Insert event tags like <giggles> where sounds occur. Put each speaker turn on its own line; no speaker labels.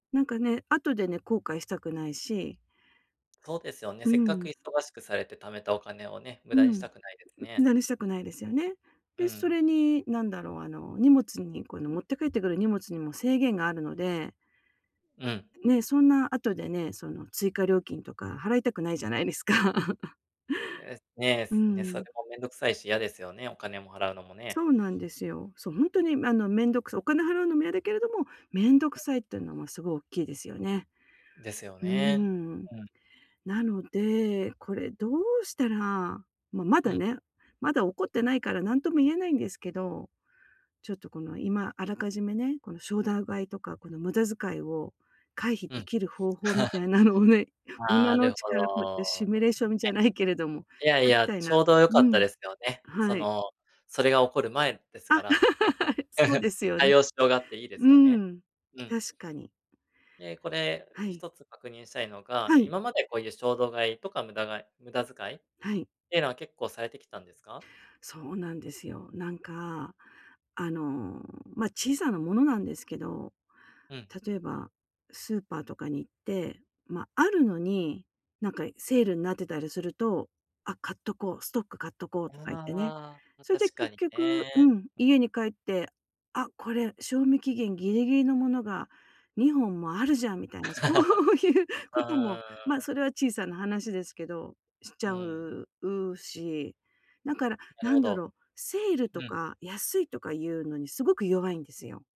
なんかね、後でね、後悔したくないし。
そうですよね、
うー
せっかく
ん。
忙しくされて貯めたお金をね、無
う
駄にし
ん。
たくないです
無
ね。
駄にしたくないですよね。
う
で、そ
ん。
れになんだろう、あの、荷物に、この持って帰ってくる荷物にも制限があるので
うん。
ね、そんな後でね、その追加料金とか払いたくないじゃないですか。<chuckles>
ええ、ね、
うー
すね、それ
ん。
もめんどくさいし、やですよね、お金も払うのも
そ
ね。
うなんですよ。そう、ほんとに、あの、めんどくさい、お金払うのもやだけれども、めんど
う
く
ん。
さいってのもすごおっきいですよね。
ですよ
うー
ね、
ん。
うん。
なので、これどうしたら、ま、ま
う
だ
ん。
ね、まだ起こってないから、なんとも言えないんですけど、ちょっとこの今あらかじめね、この衝動買いとかこの無駄遣いを回避
う
で
ん。
きる方法みたい
<chuckles>
なのをね、今
あ
のう
る
ち
ほ
からこうやってシミュ
ど
レーションじゃないけれども、
いやい
書き
や、
たいな。
ちょうど良
う
かった
ん。
ですよね。そ
はい。
の、それが起こる前です
あ、
から、ね。
<laughs> はい、そうです
<giggles>
よ
対
ね。
応しようがあっていいで
う
すよ
ー
ね。
ん、
うん。
確かに。
で、これ
はい。
一つ確認したいのが、
はい。
今までこういう衝動買いとか無駄買い無駄遣いっ
はい。
てのは結構されてきたんですか？
そうなんですよ。なんか、あの、ま、小さなものなんですけど、
うん。
例えば、スーパーとかに行って、ま、あるのに、なんか、いセールんなってたりすると「あ、買っとこう、ストック買っとこう」
あ
とか言ってね。
あ、ま、
それで
確か
結
に
局う
ね。
ん、家に帰って「あ、これ賞味期限ギリギリのものが2本もあるじゃん」みたいな、そ
<laughs> う
ういうこと
ー
も、ま、
ん。
それは小さな話ですけど、しち
う
ゃ
ん。
う、うし、なから、
な
な
るほ
んだ
ど。
ろ、セール
う
と
ん。
か安いとかいうのにすごく弱いんですよ。